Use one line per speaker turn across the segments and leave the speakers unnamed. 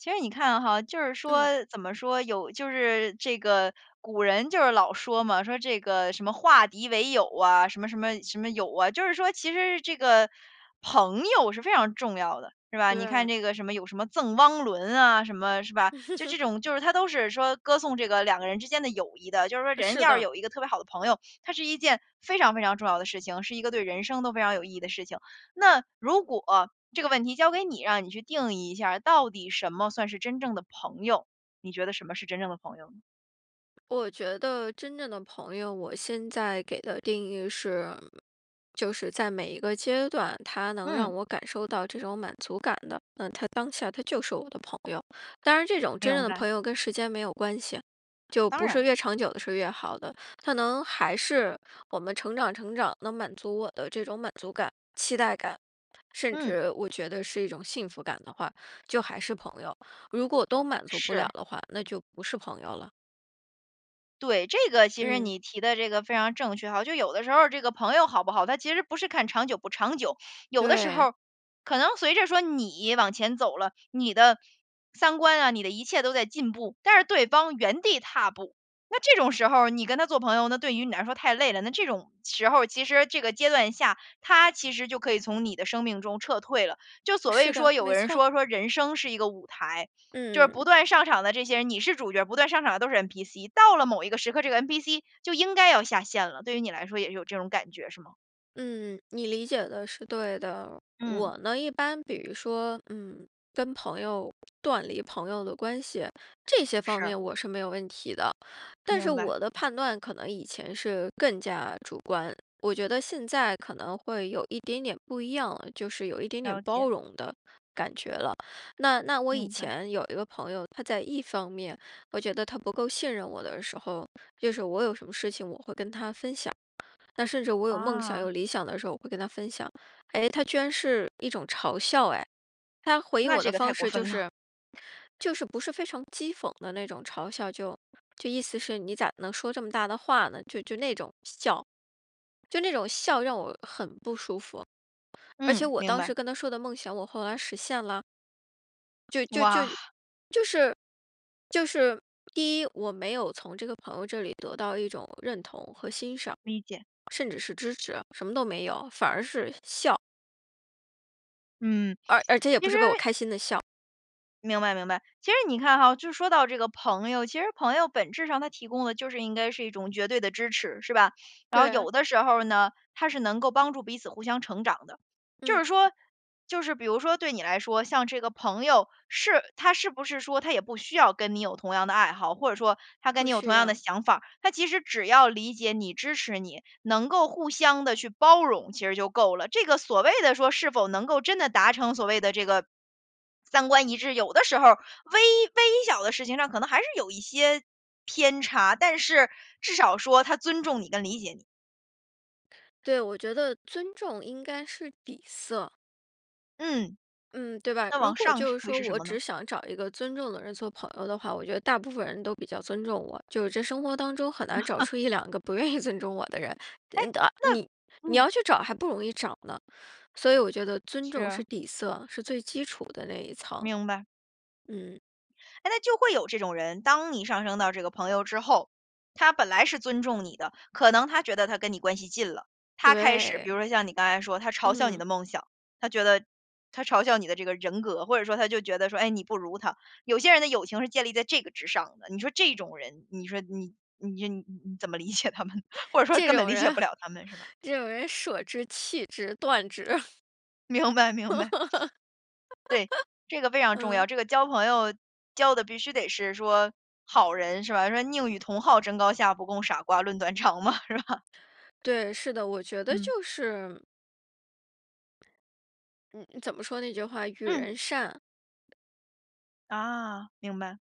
其实你看哈，就是
嗯。
说，怎么说，有就是这个古人就是老说嘛，说这个什么“化敌为友”啊，什么什么什么友啊，就是说其实这个，朋友是非常重要的，是吧？你看
对。
这个什么，有什么《赠汪伦》啊什么是吧？就这种 就是它都是说歌颂这个2个人之间的友谊的。就是说人
是
要是
的。
有一个特别好的朋友，它是一件非常非常重要的事情，是一个对人生都非常有意义的事情。那，如果，这个问题交给你，让你去定义一下，到底什么算是真正的朋友？你觉得什么是真正的朋友呢。
我觉得真正的朋友，我现在给的定义是就是在每一个阶段，他能让
嗯。
我感受到这种满足感的，那他当下他就是我的朋友。当然这种真正
明
的
白。
朋友跟时间没有关系，就
当
不是
然。
越长久的是越好的，他能还是我们成长成长，能满足我的这种满足感、期待感，甚
嗯。
至我觉得是一种幸福感的话，就还是朋友。如果都满足不了
是。
的话，那就不是朋友了。
对，这个其实
嗯。
你提的这个非常正确哈。就有的时候儿，这个朋友好不好，他其实不是看长久不长久。有的时候
对。
儿，可能随着说你往前走了，你的三观啊，你的一切都在进步，但是对方原地踏步，那这种时候儿你跟他做朋友，那对于你来说太累了。那这种时候，其实这个阶段下，他其实就可以从你的生命中撤退了。就所谓
是
说
的，
有
没
的人
错。
说，说：‘’人生是一个舞台。‘’就是不
嗯。
断上场的这些人你是主角，不断上场的都是 NPC。到了某一个时刻，这个 NPC 就应该要下线了，对于你来说也是有这种感觉是吗？
嗯，你理解的是对的。
嗯。
我呢，一般比如说，嗯，跟朋友断离朋友的关系，这些方
是。
面我是没有问题的。但是
明白。
我的判断可能以前是更加主观，我觉得现在可能会有一点点不一样了，就是有一点点
了
包
解。
容的感觉了。那那我以
明白。
前有一个朋友，他在一方面，我觉得他不够信任我的时候就是我有什么事情我会跟他分享，那甚至我有梦想、
啊。
有理想的时候，我会跟他分享。哎，他居然是一种嘲笑哎，他回应
那
我的
这个太
方
过
式就
分了。
是就是不是非常讥讽的那种嘲笑，就就意思是你咋能说这么大的话呢？就就那种笑，就那种笑让我很不舒服。而且
嗯，
我
明
当
白。
时跟他说的梦想，我后来实现了。就就就
哇。
就是就是第一，我没有从这个朋友这里得到一种认同和欣赏，
理解。
甚至是支持，什么都没有，反而是笑。
嗯，
而而且也
其
不是为我
实
开心的笑。
明白，明白。其实你看哈，就说到这个朋友，其实朋友本质上，他提供的就是应该是一种绝对的支持，是吧。然后
对。
有的时候呢，他是能够帮助彼此互相成长的，就是
嗯。
说就是比如说对你来说，像这个朋友，是他是不是说他也不需要跟你有同样的爱好，或者说他跟
不
你有
需
同样的
要。
想法，他其实只要理解你、支持你，能够互相地去包容，其实就够了。这个所谓的说，是否能够真的达成，所谓的这个，三观一致，有的时候，微微小的事情上可能还是有一些偏差，但是至少说他尊重你跟理解你。
对，我觉得尊重应该是底色。
嗯。
嗯，对吧，
那
如
往
果
上
就
是
是
会
说
是什
我
么
只
呢？
想找一个尊重的人做朋友的话，我觉得大部分人都比较尊重我。就是这生活当中很难找 出1-2不愿意尊重我的人，
诶，
呃，到
那
你你
嗯。
要去找还不容易找呢，所以我觉得尊
是
重
啊。
是底色，是最基础的那一层。
明白。
嗯。
哎，那就会有这种人，当你上升到这个朋友之后，他本来是尊重你的，可能他觉得他跟你关系近了，他开始比
对。
如说像你刚才说的，他嘲笑你
嗯。
的梦想，他觉得他嘲笑你的这个人格，或者说他就觉得说，哎，你不如他，有些人的友情是建立在这个之上的。你说这种人，你说你你说你你怎么理解他们，或者说
这
根本
种
理解
人，
不了他们，是吧？
这种人舍之、弃之、断之，嗯。
明白，明 白。对，这个非常重
嗯。
要。这个交朋友交的必须得是说好人是吧？说：“宁与同好争高下，不共傻瓜论短长”嘛，是吧？
对，是的，我觉得
嗯。
就是嗯，怎么说那句话？“与
嗯。
人善“
啊，明白。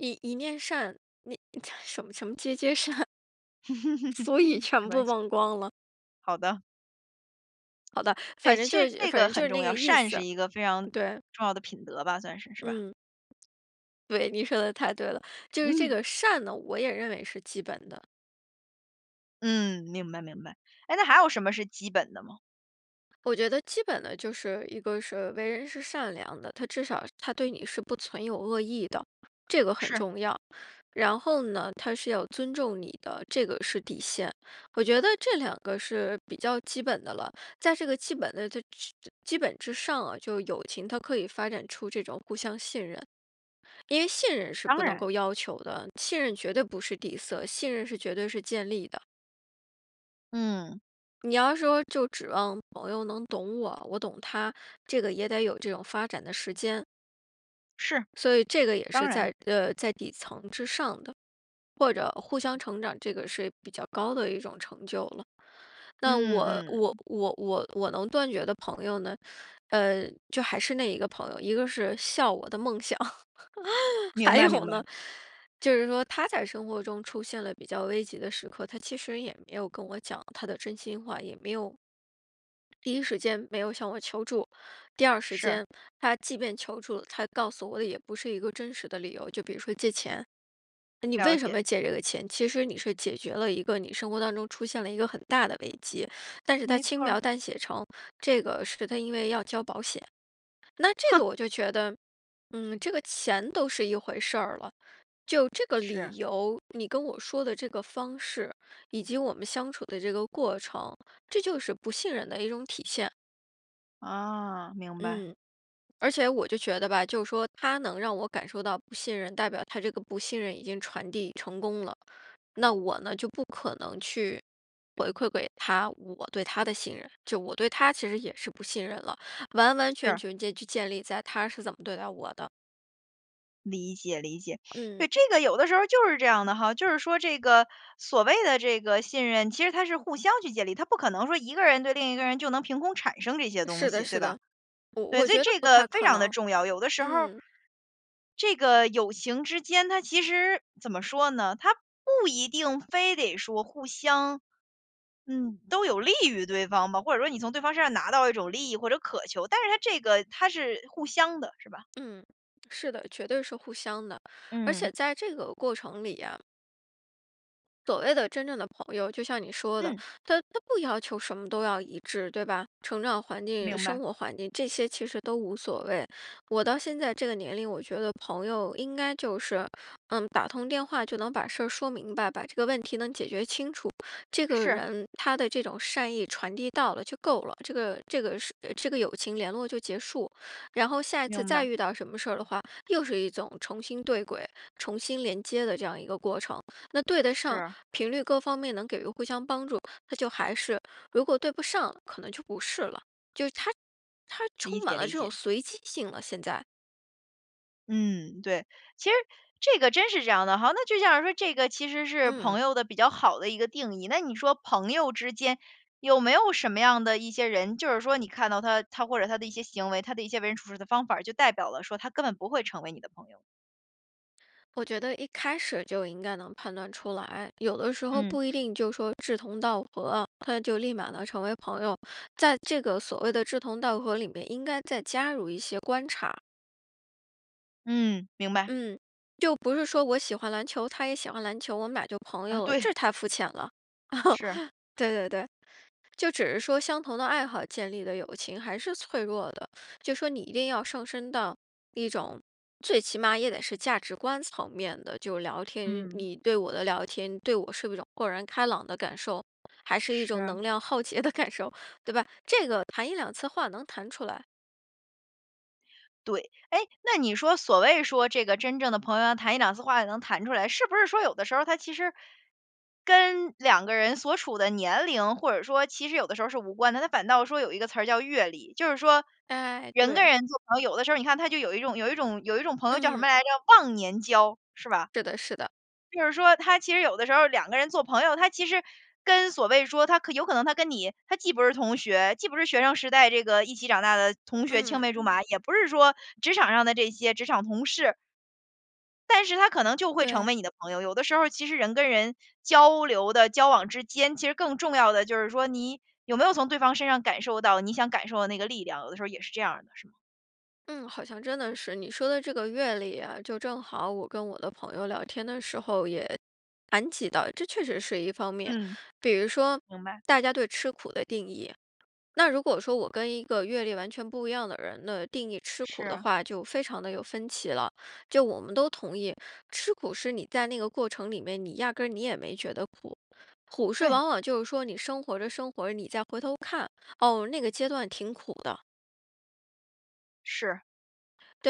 ”一一面善“，那什么什么”皆皆善“ 俗语
没
全部
关系。
忘光了。
好的。
好的，
对，
反正
其
就
实
是
这
反
个
正就
很
是
重
那
要。
个意
善是
思，
一个非常
对。
重要的品德吧算是，是吧？
嗯。对，你说得太对了，就是这
嗯。
个善呢，我也认为是基本的。
嗯，明白，明白，哎，那还有什么是基本的吗？
我觉得基本的就是一个是为人是善良的，他至少他对你是不存有恶意的，这个很
是。
重要。然后呢，他是要尊重你的，这个是底线，我觉得这2个是比较基本的了。在这个基本的这之基本之上啊，就是友情它可以发展出这种互相信任，因为信任是
当
不能
然。
够要求的，信任绝对不是底色，信任是绝对是建立的。
嗯。
你要说就指望朋友能懂我，我懂他，这个也得有这种发展的时间。
是，
所以这个也
当
是
然。
在呃，在底层之上的，或者互相成长这个是比较高的一种成就了。那我
嗯，
我
嗯。
我我我能断绝的朋友呢，呃，就还是那一个朋友，一个是笑我的梦想，
明
还
白，
有
明白。
呢，就是说他在生活中出现了比较危急的时刻，他其实也没有跟我讲他的真心话，也没有第一时间没有向我求助，第二时
是。
间，他即便求助，他告诉我的也不是一个真实的理由。就比如说借钱，呃，你为
了
什
解。
么借这个钱，其实你是解决了一个你生活当中出现了一个很大的危机，但是他
没
轻
错
描
儿。
淡写成，这个是他因为要交保险。那这
哼。
个我就觉得，嗯，这个钱都是一回事儿了，就这个
是。
理由，你跟我说的这个方式，以及我们相处的这个过程，这就是不信任的一种体现。
啊，明白。
嗯，而且我就觉得吧，就是说他能让我感受到不信任，代表他这个不信任已经传递成功了。那我呢，就不可能去回馈给他，我对他的信任，就我对他其实也是不信任了，完完全
是。
全建就建立在他是怎么对待我的。
理解，理解。对，
嗯。
这个有的时候就是这样的哈，就是说这个所谓的这个信任，其实它是互相去建立，他不可能说一个人对另一个人，就能凭空产生这些东
是的，
西，对
是
吧？
的，我
对，
我
所以
觉得
这
不
个
太
非
可
常的
能，
重要。有的时候
嗯。
这个友情之间它其实怎么说呢，它不一定非得说互相嗯，都有利于对方吧，或者说你从对方身上拿到一种利益或者渴求，但是它这个它是互相的，是吧？
嗯，是的，绝对是互相的，而且
嗯。
在这个过程里啊所谓的真正的朋友，就像你说的，
嗯。
他他不要求什么都要一致，对吧？成长环境、
明
生
白。
活环境这些其实都无所谓。我到现在这个年龄，我觉得朋友应该就是，嗯，打通电话就能把事儿说明白，把这个问题能解决清楚，这个
是。
人他的这种善意传递到了就够了，这个这个这个友情联络就结束。然后下一次
明
再
白。
遇到什么事儿的话，又是一种重新对轨、重新连接的这样一个过程，那对得上
是。
频率各方面能给人互相帮助，那就还是，如果对不上，可能就不是了，就是它它
理
充满
解，
了
理
这种
解。
随机性了现在。
嗯，对，其实这个真是这样的哈，那就像说这个其实是
嗯。
朋友的比较好的一个定义。那你说朋友之间，有没有什么样的一些人，就是说你看到他他或者他的一些行为，他的一些为人处事的方法，就代表了说他根本不会成为你的朋友。
我觉得一开始就应该能判断出来，有的时候
嗯。
不一定就说志同道合，他就立马能成为朋友，在这个所谓的志同道合里面，应该再加入一些观察。
嗯，明白。
嗯，就不是说我喜欢篮球，他也喜欢篮球，我们2就朋
啊，
友了，
对。
这太肤浅了，
是。
对，对，对。就只是说相同的爱好建立的友情还是脆弱的，就说你一定要上升到一种，最起码也得是价值观层面的，就聊天，你你
嗯。
你对我的聊天，对我是不是一种豁然开朗的感受，还是一种
是。
能量耗竭的感受，对吧？这个谈1-2次话能谈出来。
对。哎，那你说所谓说，这个真正的朋友要谈1-2次话也能谈出来，是不是说有的时候，它其实跟2个人所处的年龄或者说其实有的时候是无关的，它反倒说有一个词儿叫阅历。就是说，
哎，
人跟
对。
人做朋友，有的时候你看他就有一种有一种有一种朋友叫什
嗯。
么来着，忘年交是吧？
是的，是的。
就是说他其实有的时候2个人做朋友，他其实跟所谓说，他可有可能他跟你，他既不是同学，既不是学生时代这个一起长大的同学、青
嗯。
梅竹马，也不是说职场上的这些职场同事。但是他可能就会成
对。
为你的朋友，有的时候其实人跟人交流的交往之间，其实更重要的就是说，你有没有从对方身上感受到你想感受的那个力量，有的时候也是这样的，是吗？
嗯，好像真的是，你说的这个阅历啊，就正好我跟我的朋友聊天的时候也谈及到，这确实是一方面。
嗯，
比如说
明白。
大家对吃苦的定义，那如果说我跟一个阅历完全不一样的人，那定义吃苦的
是。
话，就非常地有分歧了。就我们都同意，吃苦是你在那个过程里面，你压根儿你也没觉得苦，苦是
对。
往往就是说你生活着生活着，你再回头看，哦，那个阶段挺苦的。
是，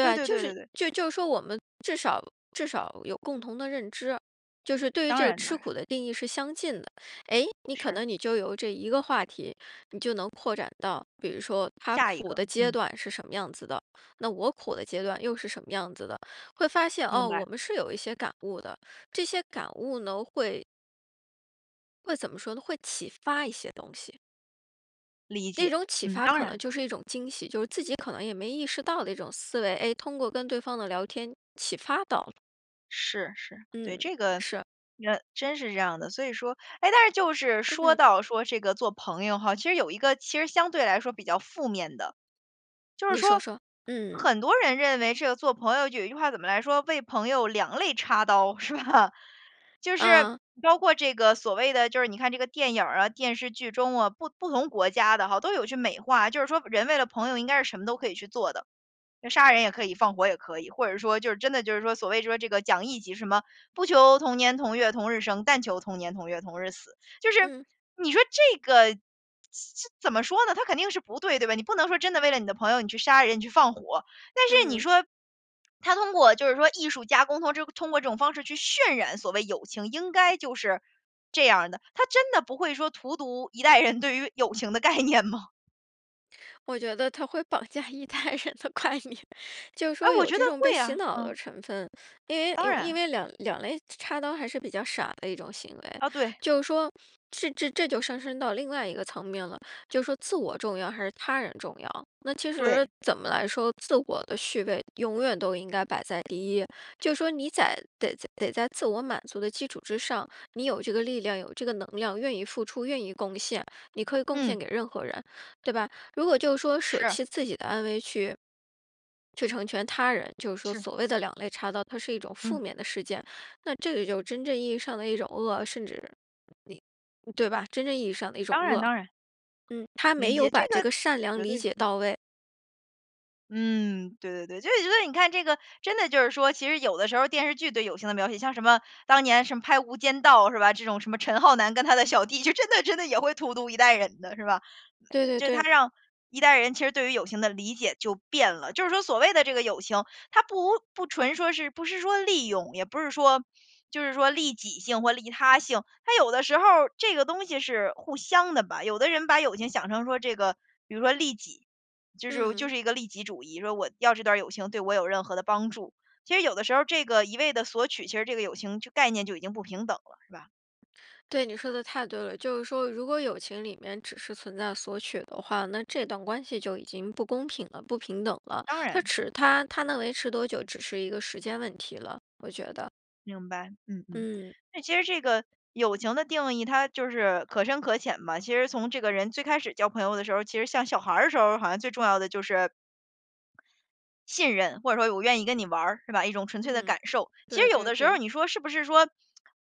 对，对，
就
对，
是
对，对。
就就说我们至少至少有共同的认知，就是对于
当
这个
然，当
吃
然。
苦的定义是相近的。哎，你可
是。
能你就由这一个话题，你就能扩展到，比如说它
下一
苦
个，
的阶
嗯。
段是什么样子的，那我苦的阶段又是什么样子的，会发现，
明
哦，我
白。
们是有一些感悟的，这些感悟呢会会怎么说呢，会启发一些东西。
理
那
解，
种启
嗯，
发
当
可能
然。
就是一种惊喜，就是自己可能也没意识到的一种思维，哎，通过跟对方的聊天启发到了。
是，是，对，
嗯，
这个，
是。
呃，真是这样的，所以说哎，但是就是说
嗯。
到说这个做朋友哈，其实有一个其实相对来说比较负面的。就是
你说
说，
说，嗯。
很多人认为这个做朋友就有一句话怎么来说：“为朋友两肋插刀”，是吧？就是
嗯。
包括这个所谓的，就是你看这个电影儿啊、电视剧中啊，不不同国家的哈，都有去美化，就是说人为了朋友应该是什么都可以去做的，呃，杀人也可以，放火也可以，或者是说就是真的就是说，所谓说这个讲义气，什么“不求同年同月同日生，但求同年同月同日死。”就是
嗯。
你说这个怎怎么说呢，它肯定是不对，对吧？你不能说真的为了你的朋友，你去杀人、你去放火。但是你
嗯。
说，它通过就是说艺术加工，或者这种通过这种方式去渲染所谓友情应该就是这样儿的，它真的不会说荼毒一代人对于友情的概念吗？
我觉得它会绑架一代人的观念，就是
哎，
说
我
有
觉得
这种被
会
洗
啊，
脑的
嗯。
成分，因为
当
有因
然。
为两两肋插刀还是比较傻的一种行为，
呃，对。
就是说，这这这就上升到另外一个层面了，就是说自我重要还是他人重要。那其实
对。
怎么来说，自我的序位永远都应该摆在第一，就说你在得在得在自我满足的基础之上，你有这个力量，有这个能量，愿意付出，愿意贡献，你可以贡
嗯。
献给任何人，对吧？如果就是说舍
是。
弃自己的安危去去成全他人，就是说
是。
所谓的两肋插刀，它是一种负
嗯。
面的事件。那这个就真正意义上的一种恶，甚至你对吧？真正意义上的一种
当然，
恶，
当然。
嗯，他
理
没有
解，这
把这
个
个善良
绝
理
对，
解
嗯。
到位。
嗯，对对对，就是觉得你看这个，真的就是说，其实有的时候电视剧对友情的描写，像什么当年什么拍《无间道》是吧，这种什么陈浩南跟他的小弟，就真的真的也会荼毒一代人的，是吧，
对对
就是
对。
它让一代人其实对于友情的理解就变了。就是说所谓的这个友情，他不不纯说是不是说利用，也不是说，就是说利己性或利他性。它有的时候儿这个东西是互相的吧，有的人把友情想成说这个，比如说利己，就是就
嗯。
是一个利己主义，说我要这段儿友情对我有任何的帮助，其实有的时候这个一味地索取，其实这个友情就概念就已经不平等了，是吧？
对，你说的太对了，就是说如果友情里面，只是存在索取的话，那这段关系就已经不公平了、不平等了，
当
它
然。
持它它能维持多久，只是一个时间问题了，我觉得。
明白，嗯，嗯，
嗯。
那其实这个友情的定义，它就是可深可浅嘛，其实从这个人最开始交朋友的时候，其实像小孩儿的时候，好像最重要的就是信任，或者说我愿意跟你玩儿，是吧，一种纯粹的
嗯，
感受。其实
对
有
对
的时
对。
候你说是不是说，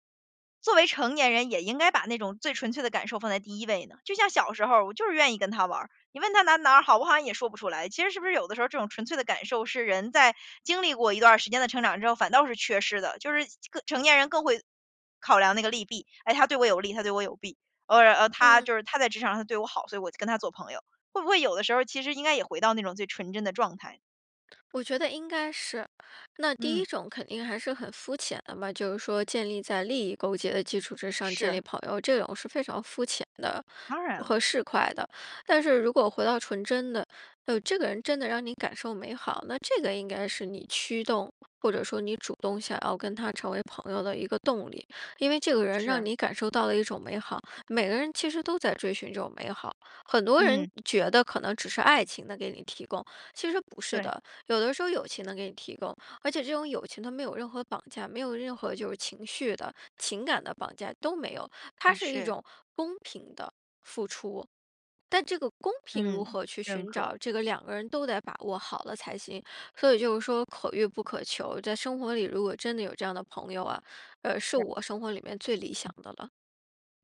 作为成年人也应该把那种最纯粹的感受放在第1位呢？就像小时候我就是愿意跟他玩儿，你问他哪哪儿好，我好像也说不出来。其实是不是有的时候，这种纯粹的感受是人在经历过一段儿时间的成长之后，反倒是缺失的，就是更成年人更会考量那个利弊，哎，他对我有利，他对我有弊，呃，他
嗯。
就是他在职场上他对我好，所以我就跟他做朋友，会不会有的时候其实应该也回到那种最纯真的状态？
我觉得应该是。那第
嗯。
1种肯定还是很肤浅的吧，就是说建立在利益勾结的基础之上建立
是。
朋友，这种是非常肤浅的
当然
和
了。
市侩的。但是如果回到纯真的，哟，这个人真的让你感受美好，那这个应该是你驱动，或者说你主动想要跟他成为朋友的一个动力，因为这个人让
是。
你感受到了一种美好，每个人其实都在追寻这种美好。很多人
嗯。
觉得可能只是爱情能给你提供，其实不是
对。
的，有的时候友情能给你提供，而且这种友情它没有任何绑架，没有任何就是情绪的、情感的绑架，都没有，它
的
是一
确。
种公平的付出。但这个公平如
嗯，
何去
认
寻
可。
找，这个两个人都得把握好了才行，所以就是说可遇不可求，在生活里如果真的有这样的朋友啊，呃，是
是。
我生活里面最理想的了。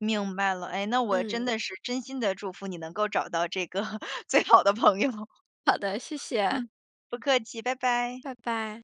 明白了，哎，那我真
嗯。
的是真心地祝福你能够找到这个 最好的朋友。
好的，谢谢。
嗯，不客气，拜拜。
拜拜。